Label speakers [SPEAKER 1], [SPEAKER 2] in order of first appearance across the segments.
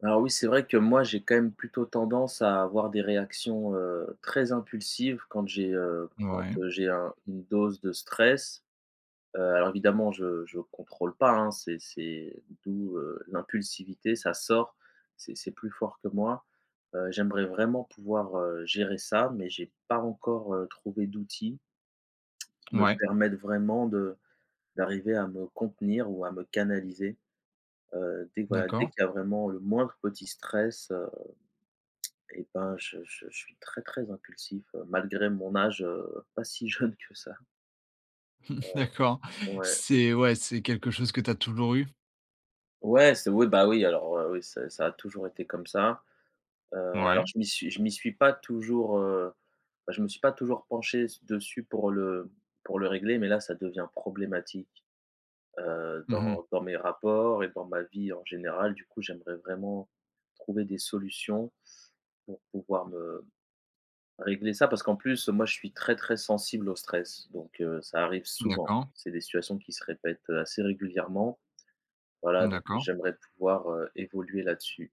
[SPEAKER 1] Alors oui, c'est vrai que moi j'ai quand même plutôt tendance à avoir des réactions, heu, très impulsives quand j'ai heu, quand
[SPEAKER 2] Ouais.
[SPEAKER 1] j'ai un une dose de stress, heu, alors évidemment je je contrôle pas, hein. C'est c'est d'où, heu, l'impulsivité. Ça sort, c'est c'est plus fort que moi, heu, j'aimerais vraiment pouvoir, heu, gérer ça mais j'ai pas encore, heu, trouvé d'outils qui me
[SPEAKER 2] Ouais.
[SPEAKER 1] permettent vraiment de d'arriver à me contenir ou à me canaliser, heu, dès que voilà, dès
[SPEAKER 2] D'accord.
[SPEAKER 1] qu'il y a vraiment le moindre petit stress, heu, et ben, je je je suis très, très impulsif, heu, malgré mon âge, heu, pas si jeune que ça. Heu,
[SPEAKER 2] D'accord,
[SPEAKER 1] ouais.
[SPEAKER 2] c'est ouais, c'est quelque chose que tu as toujours eu?
[SPEAKER 1] Ouais, c'est oui, bah, oui, alors, heu, oui, ça ça a toujours été comme ça, heu,
[SPEAKER 2] Ouais.
[SPEAKER 1] alors je m'y suis je m'y suis pas toujours, heu bah, je me suis pas toujours penché s dessus pour le pour le régler. Mais là, ça devient problématique, heu,
[SPEAKER 2] Mmh mh.
[SPEAKER 1] dans dans mes rapports et dans ma vie en général. Du coup j'aimerais vraiment trouver des solutions pour pouvoir me régler ça. Parce qu'en plus moi je suis très, très sensible au stress donc heu, ça arrive souvent.
[SPEAKER 2] D'accord.
[SPEAKER 1] C'est des situations qui se répètent assez régulièrement, voilà donc
[SPEAKER 2] D'accord.
[SPEAKER 1] j'aimerais pouvoir, heu, évoluer là-dessus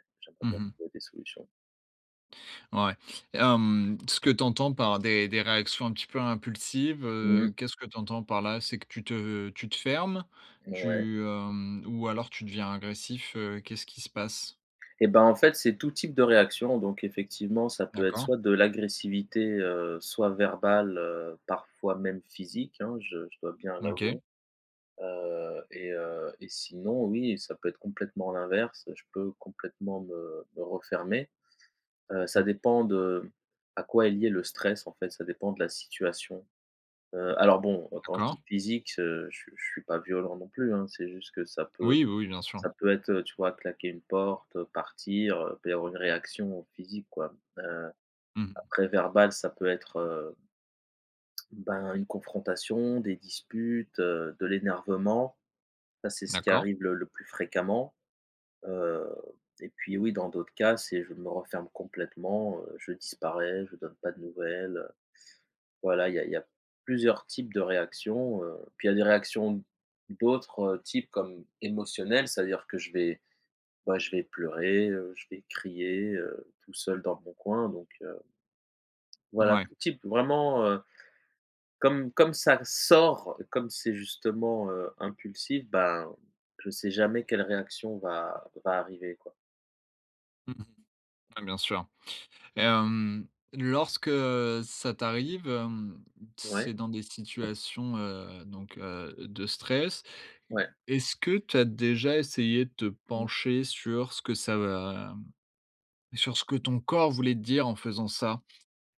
[SPEAKER 1] et j'aimerais
[SPEAKER 2] Mmh
[SPEAKER 1] bien
[SPEAKER 2] mh.
[SPEAKER 1] trouver des solutions.
[SPEAKER 2] Ouais et hem, ce que tu entends par des des réactions un petit peu impulsives,
[SPEAKER 1] Mmh
[SPEAKER 2] heu,
[SPEAKER 1] mh.
[SPEAKER 2] qu'est-ce que tu entends par là? C'est que tu te tu te fermes,
[SPEAKER 1] Ouais.
[SPEAKER 2] tu hem ou alors tu deviens agressif, heu, qu'est-ce qui se passe?
[SPEAKER 1] Et ben, en fait, c'est tout type de réaction, donc effectivement, ça peut être
[SPEAKER 2] D'accord.
[SPEAKER 1] soit de l'agressivité, heu, soit verbale, heu, parfois même physique, hein. Je je dois bien l'avouer,
[SPEAKER 2] OK.
[SPEAKER 1] heu et heu et sinon, oui, ça peut être complètement l'inverse, je peux complètement me me refermer, heu, ça
[SPEAKER 2] Mmh.
[SPEAKER 1] dépend de à quoi est lié le stress en fait. Ça dépend de la situation, heu, alors bon, quand je dis
[SPEAKER 2] D'accord.
[SPEAKER 1] physique, heu, je je suis pas violent non plus, hein. C'est juste que ça peut
[SPEAKER 2] Oui, oui, oui, bien sûr.
[SPEAKER 1] ça peut être, heu, tu vois claquer une porte, partir, heu, [unintelligible] une réaction physique quoi, heu,
[SPEAKER 2] Mmh mh.
[SPEAKER 1] après verbale, ça peut être heu, ben, une confrontation, des disputes, heu, de l'énervement. Ça c'est ce qui
[SPEAKER 2] D'accord.
[SPEAKER 1] arrive le le plus fréquemment, heu, et puis, oui, dans d'autres cas c'est, je me referme complètement, heu, je disparais, je donne pas de nouvelles, heu, voilà. Il y a il y a plusieurs types de réactions, heu, puis il y a des réactions d'autres types comme émotionnelles, c'est à dire que je vais ouais, je vais pleurer, heu, je vais crier, heu, tout seul dans mon coin, donc heu voilà
[SPEAKER 2] Mouais.
[SPEAKER 1] tout type, vraiment, heu, comme comme ça sort, comme c'est justement, heu, impulsif, ben, je sais jamais quelle réaction va va arriver, quoi.
[SPEAKER 2] Mmh mh. Ouais, bien sûr et hem, lorsque ça t'arrive, hem, c'est
[SPEAKER 1] Ouais.
[SPEAKER 2] dans des situations, heu, donc, heu, de stress.
[SPEAKER 1] Ouais.
[SPEAKER 2] Est-ce que tu as déjà essayé de te
[SPEAKER 1] Mmh.
[SPEAKER 2] pencher sur ce que ça va sur ce que ton corps voulait te dire en faisant ça?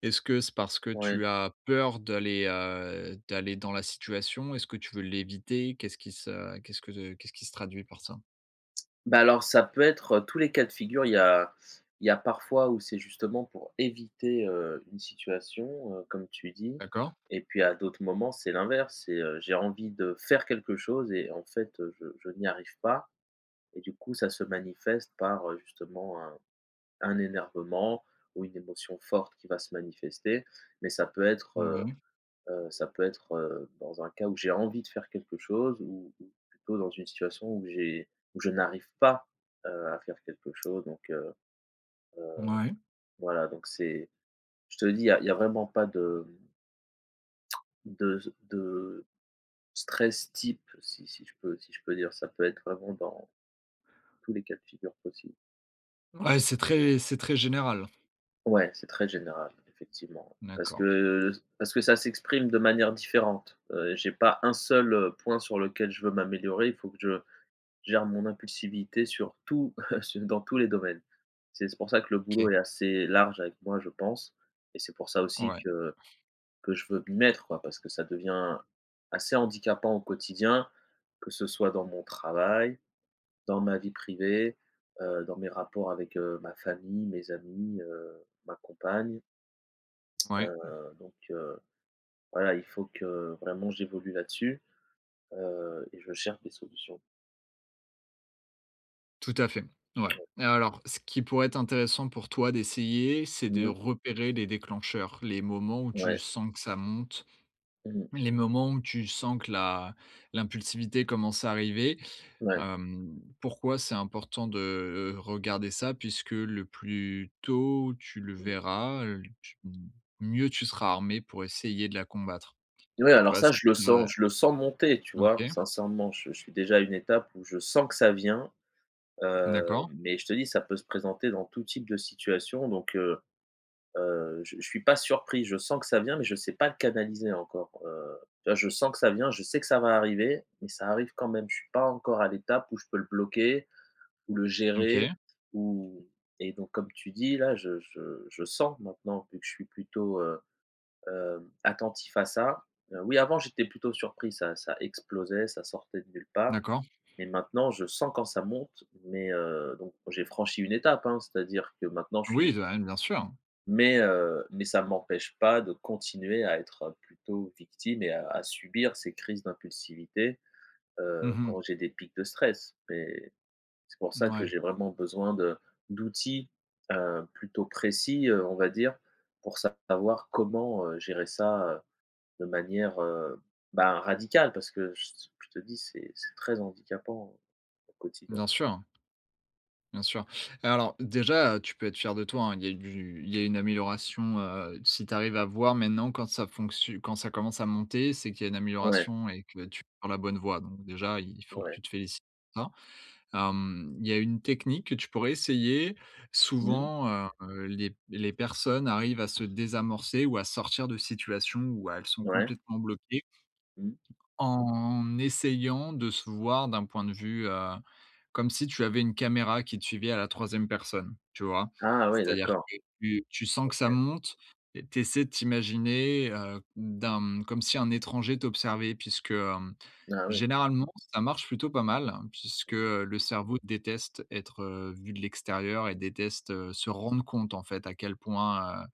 [SPEAKER 2] Est-ce que c'est parce que
[SPEAKER 1] Ouais.
[SPEAKER 2] tu as peur d'aller, heu, d'aller dans la situation? Est-ce que tu veux l'éviter? Qu'est-ce qui se qu'est-ce que qu'est-ce qui se traduit par ça?
[SPEAKER 1] Ben, alors ça peut être, heu, tous les cas de figure il y a il y a parfois où c'est justement pour éviter, heu, une situation, heu, comme tu dis
[SPEAKER 2] D'accord.
[SPEAKER 1] et puis à d'autres moments, c'est l'inverse. C'est, heu, j'ai envie de faire quelque chose et en fait, heu, je je n'y arrive pas et du coup, ça se manifeste par, heu, justement un un énervement ou une émotion forte qui va se manifester. Mais ça peut être, heu
[SPEAKER 2] Mouais.
[SPEAKER 1] heu, ça peut être, heu, dans un cas où j'ai envie de faire quelque chose, ou ou plutôt dans une situation où j'ai où je n'arrive pas, heu, à faire quelque chose. Donc, heu heu,
[SPEAKER 2] Mouais.
[SPEAKER 1] voilà. Donc c'est je te le dis, il y a il y a vraiment pas de de s de stress type, si si je peux si je peux dire, ça peut être vraiment dans tous les cas de figure possibles.
[SPEAKER 2] Ouais, c'est très c'est très général.
[SPEAKER 1] Ouais, c'est très général effectivement. Parce
[SPEAKER 2] D'accord.e
[SPEAKER 1] que parce que ça s'exprime de manière différente, heu, j'ai pas 1 seul, heu, point sur lequel je veux m'améliorer, il faut que je gère mon impulsivité sur tout. Su dans tous les domaines. C'est c'est pour ça que le boulot
[SPEAKER 2] OK.
[SPEAKER 1] est assez large avec moi, je pense et c'est pour ça aussi
[SPEAKER 2] Ouais.
[SPEAKER 1] que que je veux m'y mettre, quoi. Parce que ça devient assez handicapant au quotidien, que ce soit dans mon travail, dans ma vie privée, heu, dans mes rapports avec, heu, ma famille, mes amis, heu, ma compagne, heu,
[SPEAKER 2] Ouais.
[SPEAKER 1] donc heu, voilà il faut que vraiment j'évolue là-dessus, heu et je cherche des solutions.
[SPEAKER 2] Tout à fait. Ouais et alors ce qui pourrait être intéressant pour toi d'essayer, c'est
[SPEAKER 1] Mmh
[SPEAKER 2] de
[SPEAKER 1] mh.
[SPEAKER 2] repérer les déclencheurs. Les moments où tu
[SPEAKER 1] Ouais.
[SPEAKER 2] sens que ça monte,
[SPEAKER 1] Mmh mh.
[SPEAKER 2] les moments où tu sens que la l'impulsivité commence à arriver.
[SPEAKER 1] Ouais.
[SPEAKER 2] Hem, pourquoi c'est important de, heu, regarder ça, puisque le plus tôt tu le
[SPEAKER 1] Mmh.
[SPEAKER 2] verras, heu, tu mieux tu seras armé pour essayer de la combattre.
[SPEAKER 1] Ouais,
[SPEAKER 2] Tu
[SPEAKER 1] alors
[SPEAKER 2] vois
[SPEAKER 1] ça
[SPEAKER 2] ce qui
[SPEAKER 1] je le sens
[SPEAKER 2] [unintelligible]
[SPEAKER 1] je le sens monter tu vois?
[SPEAKER 2] OK.
[SPEAKER 1] Sincèrement je suis je suis déjà à une étape où je sens que ça vient, heu
[SPEAKER 2] D'accord.
[SPEAKER 1] mais je te dis ça peut se présenter dans tout type de situation donc heu heu, je je suis pas surpris. Je sens que ça vient mais je sais pas le canaliser encore, heu, tu vois? Je sens que ça vient, je sais que ça va arriver mais ça arrive quand même. Je suis pas encore à l'étape où je peux le bloquer ou le gérer
[SPEAKER 2] OK.
[SPEAKER 1] ou et donc comme tu dis, là, je je je sens, maintenant que je suis plutôt, heu, hem, attentif à ça, heu, oui avant j'étais plutôt surpris, ça ça explosait, ça sortait de nulle part.
[SPEAKER 2] D'accord.
[SPEAKER 1] Mais maintenant je sens quand ça monte mais heu donc j'ai franchi une étape hein, c'est à dire que maintenant je
[SPEAKER 2] Oui
[SPEAKER 1] suis
[SPEAKER 2] bah oui, bien sûr.
[SPEAKER 1] Mais heu mais ça m'empêche pas de continuer à être plutôt victime et à à subir ces crises d'impulsivité,
[SPEAKER 2] Mmh
[SPEAKER 1] heu, quand
[SPEAKER 2] mh.
[SPEAKER 1] j'ai des pics de stress. Mais c'est pour ça que
[SPEAKER 2] Mouais.
[SPEAKER 1] j'ai vraiment besoin de d'outils, heu, plutôt précis, heu, on va dire, pour savoir comment, heu, gérer ça, heu, de manière, heu bah, radical parce que je c je te dis c'est c'est très handicapant au quotidien.
[SPEAKER 2] Bien sûr, hein. Bien sûr et alors déjà, heu, tu peux être fier de toi, hein, il y a du il y a une amélioration, heu, si tu arrives à voir maintenant quand ça fonctio quand ça commence à monter, c'est qu'il y a une
[SPEAKER 1] Ouais.
[SPEAKER 2] amélioration et que tu prends la bonne voie. Donc déjà il faut que
[SPEAKER 1] Ouais.
[SPEAKER 2] tu te félicites pour ça, hem, il y a une technique que tu pourrais essayer.
[SPEAKER 1] Mmh mh.
[SPEAKER 2] Souvent, heu, les p les personnes arrivent à se désamorcer ou à sortir de situations où elles sont
[SPEAKER 1] Ouais.
[SPEAKER 2] complètement bloquées
[SPEAKER 1] Mmh.
[SPEAKER 2] en essayant de se voir d'un point de vue, heu, comme si tu avais une caméra qui te suivait à la 3e personne, tu vois?
[SPEAKER 1] Ah ouais
[SPEAKER 2] C'est-à-dire
[SPEAKER 1] d'accord.
[SPEAKER 2] que tu tu sens que ça
[SPEAKER 1] OK.
[SPEAKER 2] monte et tu essaies de t'imaginer, heu, d'un comme si un étranger t'observait puisque, hem,
[SPEAKER 1] Ah oui.
[SPEAKER 2] généralement ça marche plutôt pas mal, puisque,
[SPEAKER 1] Mmh mh.
[SPEAKER 2] heu, le cerveau déteste être, heu, vu de l'extérieur et déteste, heu, se rendre compte en fait à quel point, heu,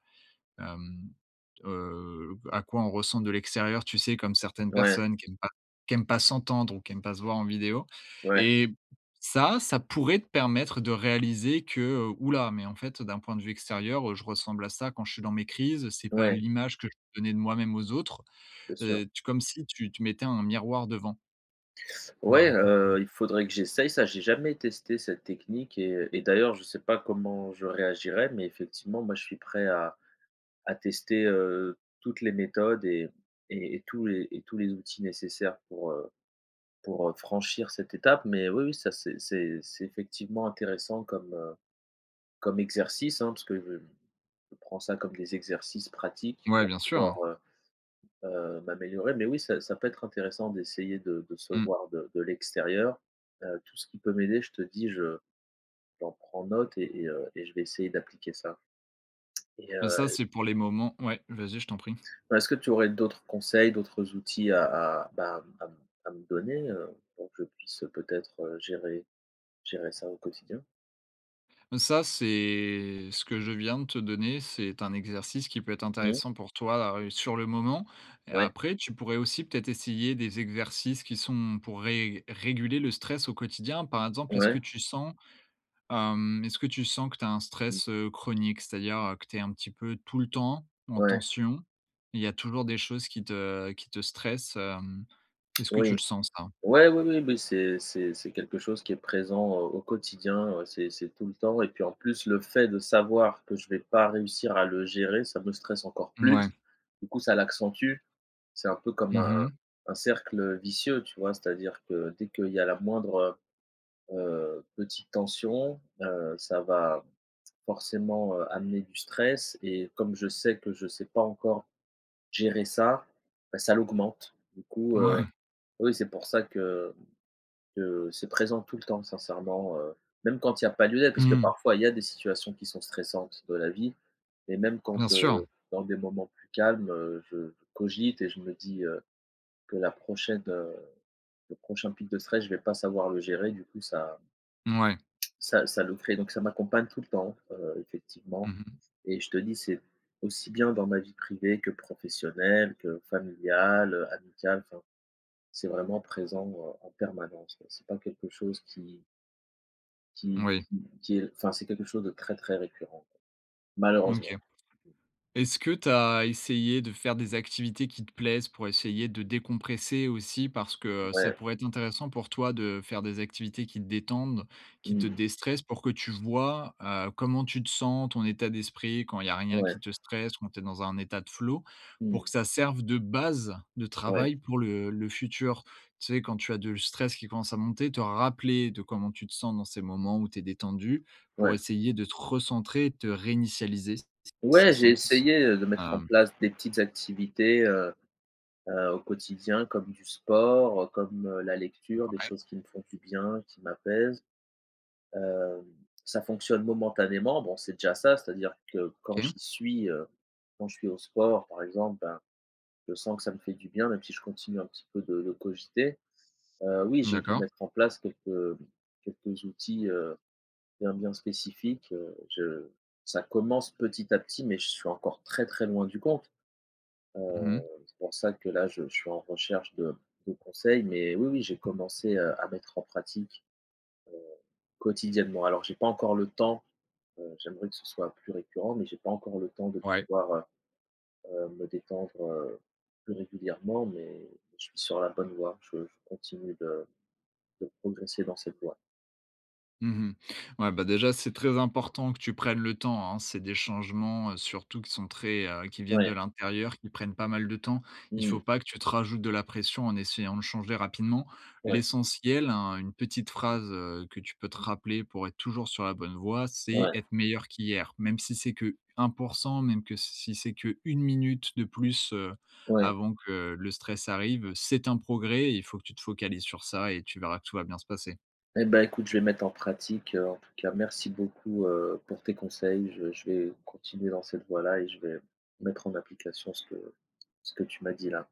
[SPEAKER 2] hem, heu, à quoi on ressemble de l'extérieur. Tu sais comme certaines
[SPEAKER 1] Ouais.
[SPEAKER 2] personnes qui aiment pas qui aiment pas s'entendre ou qui aiment pas se voir en vidéo
[SPEAKER 1] Ouais.
[SPEAKER 2] et ça, ça pourrait te permettre de réaliser que, ouh là mais en fait heu, d'un point de vue extérieur je ressemble à ça quand je suis dans mes crises, c'est pas
[SPEAKER 1] Ouais.
[SPEAKER 2] l'image que je veux donner de moi-même aux autres.
[SPEAKER 1] C'est sûr.
[SPEAKER 2] Heu, tu comme si tu tu mettais un miroir devant.
[SPEAKER 1] Ouais,
[SPEAKER 2] Ouais ça peut-être
[SPEAKER 1] heu, il faudrait que j'essaye ça. J'ai jamais testé cette technique et et d'ailleurs je sais pas comment je réagirais. Mais effectivement, moi je suis prêt à à tester, heu, toutes les méthodes et et et tous les et tous les outils nécessaires pour, heu, pour, heu, franchir cette étape. Mais oui, oui, ça c'est c'est c'est effectivement intéressant comme, heu, comme exercice, hein. Parce que je je prends ça comme des exercices pratiques
[SPEAKER 2] Ouais
[SPEAKER 1] pour
[SPEAKER 2] bien sûr.
[SPEAKER 1] pouvoir, heu heu, m'améliorer, mais oui ça ça peut être intéressant d'essayer de de se
[SPEAKER 2] Mmh.
[SPEAKER 1] voir de de l'extérieur, heu, tout ce qui peut m'aider je te dis, je j'en prends note et et heu et je vais essayer d'appliquer ça et
[SPEAKER 2] Bah, ça
[SPEAKER 1] heu
[SPEAKER 2] c'est pour les moments ouais vas-y je t'en prie.
[SPEAKER 1] Bah est-ce que tu aurais d'autres conseils, d'autres outils à à bah à m à m à me donner, heu, pour que je puisse peut-être gérer gérer ça, au quotidien?
[SPEAKER 2] Ça, c'est ce que je viens de te donner, c'est un exercice qui peut être
[SPEAKER 1] Mmh.
[SPEAKER 2] intéressant pour toi a heu, sur le moment et
[SPEAKER 1] Ouais.
[SPEAKER 2] après, tu pourrais aussi peut-être essayer des exercices qui sont pour ré réguler le stress au quotidien. Par exemple, est-ce que
[SPEAKER 1] Ouais.
[SPEAKER 2] tu sens, hem, est-ce que tu sens que tu as un
[SPEAKER 1] Mmh.
[SPEAKER 2] stress, heu, chronique? C'est-à-dire, heu, que tu es un petit peu tout le temps, en
[SPEAKER 1] Ouais.
[SPEAKER 2] tension. Il y a toujours des choses qui te qui te stressent, hem, est-ce que tu le
[SPEAKER 1] Oui.
[SPEAKER 2] sens ça?
[SPEAKER 1] Ouais, oui, oui, oui, c'est c'est c'est quelque chose qui est présent au au quotidien. Ouais c'est c'est tout le temps et puis en plus, le fait de savoir que je vais pas réussir à le gérer, ça me stresse encore plus.
[SPEAKER 2] Mouais.
[SPEAKER 1] Du coup ça l'accentue. C'est un peu comme un
[SPEAKER 2] Mmh
[SPEAKER 1] un
[SPEAKER 2] mh.
[SPEAKER 1] un cercle vicieux tu vois? C'est à dire que dès qu'il y a la moindre, heu heu, petite tension, heu, ça va forcément, heu, amener du stress et comme je sais que je sais pas encore gérer ça bah, ça l'augmente. Du coup, heu,
[SPEAKER 2] Mouais.
[SPEAKER 1] oui c'est pour ça que que c'est présent tout le temps sincèrement, heu, même quand il y a pas de lieu d'être.
[SPEAKER 2] Mmh
[SPEAKER 1] Parce que
[SPEAKER 2] mh.
[SPEAKER 1] parfois, il y a des situations qui sont stressantes de la vie et même
[SPEAKER 2] Bien
[SPEAKER 1] quand
[SPEAKER 2] sûr.
[SPEAKER 1] heu, dans des moments plus calmes, heu, je cogite et je me dis, heu, que la prochaine, heu, le prochain pic de stress je vais pas savoir le gérer du coup ça
[SPEAKER 2] Mouais.
[SPEAKER 1] ça ça le ferait. Donc ça m'accompagne tout le temps, heu,
[SPEAKER 2] Mmh
[SPEAKER 1] effectivement
[SPEAKER 2] mh.
[SPEAKER 1] et je te dis c'est aussi bien dans ma vie privée que professionnelle que familiale, heu, amicale enfin c'est vraiment présent, heu, en permanence c'est pas quelque chose qui qui
[SPEAKER 2] Moui.
[SPEAKER 1] qui qui est enfin c'est quelque chose de très très récurrent quoi, malheureusement.
[SPEAKER 2] OK. Est-ce que tu as essayé de faire des activités qui te plaisent? Pour essayer de décompresser aussi parce ça
[SPEAKER 1] Ouais.
[SPEAKER 2] pourrait être intéressant pour toi, de faire des activités qui détendent, qui te
[SPEAKER 1] Mmh.
[SPEAKER 2] dé-stressent pour que tu vois, heu, comment tu te sens, ton état d'esprit quand il y a rien
[SPEAKER 1] Ouais.
[SPEAKER 2] qui te stresse, quand tu es dans un état de flow, pour
[SPEAKER 1] Mmh.
[SPEAKER 2] que ça serve de base de
[SPEAKER 1] Ouais.
[SPEAKER 2] travail pour le le futur. Tu sais, quand tu as de le stress qui commence à monter, te rappeler de comment tu te sens dans ces moments où tu es détendu pour
[SPEAKER 1] Ouais.
[SPEAKER 2] essayer de te recentrer, et de te réinitialiser s s si ça
[SPEAKER 1] Ouais j'ai
[SPEAKER 2] sens,
[SPEAKER 1] essayé, heu, de mettre en
[SPEAKER 2] hem
[SPEAKER 1] place des petites activités, heu heu, au quotidien comme du sport comme, heu, la lecture des
[SPEAKER 2] Ouais.
[SPEAKER 1] choses qui me font du bien, qui m'apaisent, hem, ça fonctionne momentanément. Bon c'est déjà ça c'est à dire que quand
[SPEAKER 2] OK.
[SPEAKER 1] j'y suis, heu, quand je suis au sport par exemple, ben, je sens que ça me fait du bien, même si je continue un petit peu de de cogiter, heu, oui j'ai dû
[SPEAKER 2] D'accord.
[SPEAKER 1] mettre en place quelques quelques outils, heu, bien, bien spécifiques, heu, je ça commence petit à petit. Mais je suis encore très, très loin du compte,
[SPEAKER 2] Mmh
[SPEAKER 1] heu,
[SPEAKER 2] mh.
[SPEAKER 1] c'est pour ça que là, je je suis en recherche de de conseils. Mais oui, oui j'ai commencé, heu, à mettre en pratique, heu, quotidiennement. Alors j'ai pas encore le temps, heu, j'aimerais que ce soit plus récurrent mais j'ai pas encore le temps de
[SPEAKER 2] Ouais.
[SPEAKER 1] pouvoir, heu heu, me détendre, heu, plus régulièrement mais je suis sur la bonne voie. Je je continue de de progresser dans cette voie.
[SPEAKER 2] Mmh mh. Ouais bah, déjà c'est très important que tu prennes le temps hein. C'est des changements surtout qui sont très heu, qui viennent
[SPEAKER 1] Ouais.
[SPEAKER 2] de l'intérieur, qui prennent pas mal de temps. Il
[SPEAKER 1] Mmh.
[SPEAKER 2] faut pas que tu te rajoutes de la pression en essayant de changer rapidement.
[SPEAKER 1] Ouais.
[SPEAKER 2] L'essentiel, hein, une petite
[SPEAKER 1] Mmh.
[SPEAKER 2] phrase, heu, que tu peux te rappeler pour être toujours sur la bonne voie, c'est:
[SPEAKER 1] Ouais.
[SPEAKER 2] «Être meilleur qu'hier» même si c'est que 1%, même que si c'est que 1 minute de plus, heu,
[SPEAKER 1] Ouais.
[SPEAKER 2] avant que le stress arrive, c'est un progrès et il faut que tu te focalises sur ça et tu verras que tout va bien se passer.
[SPEAKER 1] Et ben écoute je vais mettre en pratique, heu, en tout cas merci beaucoup, heu, pour tes conseils. Je je vais continuer dans cette voie-là et je vais mettre en application ce que ce que tu m'as dit, là.